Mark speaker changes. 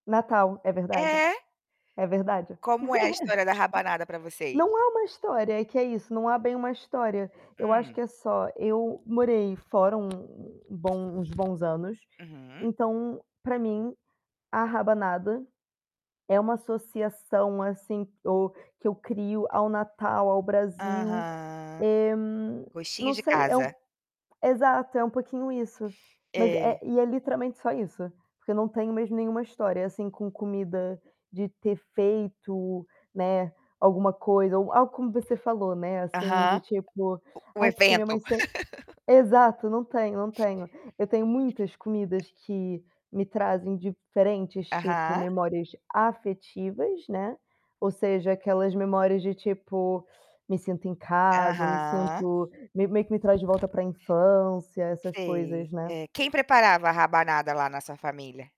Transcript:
Speaker 1: Natal, é verdade,
Speaker 2: É.
Speaker 1: é verdade.
Speaker 2: Como é a história da rabanada pra vocês?
Speaker 1: Não é uma história, é que é isso, não é bem uma história, eu acho que
Speaker 2: Hum.
Speaker 1: é só eu morei fora um bom uns bons anos,
Speaker 2: Uhum.
Speaker 1: então, pra mim, a rabanada, é uma associação, assim, do que eu crio ao Natal, ao Brasil,
Speaker 2: Aham,
Speaker 1: eh, n
Speaker 2: gostinho
Speaker 1: não
Speaker 2: de
Speaker 1: sei, é o
Speaker 2: casa.
Speaker 1: exato, é um pouquinho isso, mas é
Speaker 2: É.
Speaker 1: e é literalmente só isso, porque eu não tenho mesmo nenhuma história assim com comida de ter feito, né, alguma coisa ou algo como você falou, né, assim, de
Speaker 2: Aham.
Speaker 1: tipo,
Speaker 2: A o
Speaker 1: "Ai porque minha mãe
Speaker 2: evento.
Speaker 1: sem" Exato, não tenho não tenho. Eu tenho muitas
Speaker 2: É.
Speaker 1: comidas que me trazem diferentes tipo
Speaker 2: Aham.
Speaker 1: memórias afetivas, né, ou seja aquelas memórias de tipo, me sinto em casa ou me
Speaker 2: Aham.
Speaker 1: sinto meio meio que me traz de volta pra infância, essas
Speaker 2: Sei,
Speaker 1: coisas, né.
Speaker 2: eh, quem preparava a rabanada lá na sua família?